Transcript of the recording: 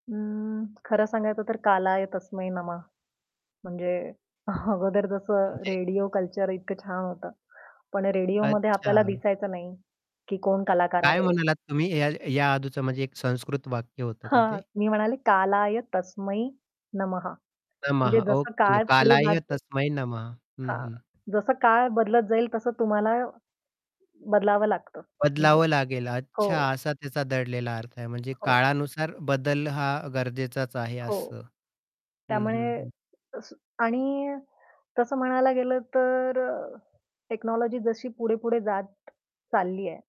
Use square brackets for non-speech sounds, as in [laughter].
अं, खरं सांगायचं तर "कालाय तस्मै नमः" म्हणजे [chuckles] अगोदर जसं म्हणजे रेडिओ कल्चर इतकं छान होतं. पण रेडिओमध्ये अच्छा. आपल्याला दिसायचं नाही, की कोण कलाकार हां, काय आहे? म्हणालात तुम्ही, ह्या ह्या आधीच म्हणजे एक संस्कृत वाक्य होतं का हां, ते? मी म्हणाले, "कालाय तस्मै नमः," म्हणजे नमः जसं ओके, काळ पुढे जात "कालाय जाईल तस्मै नमः." हं, हां, हं. जसं काळ बदलत जाईल तसं तुम्हाला बदलावं लागतं. बदलावं लागेल, अच्छा. हो. असा त्याचा दडलेला अर्थ आहे. म्हणजे हो. काळानुसार बदल हा गरजेचाच आहे, हो. असं. हं, हं, त्यामुळे हं. तसं आणि तसं म्हणायला गेलं, तर अ, टेक्नॉलॉजी जशी पुढे-पुढे जात चालली आहे.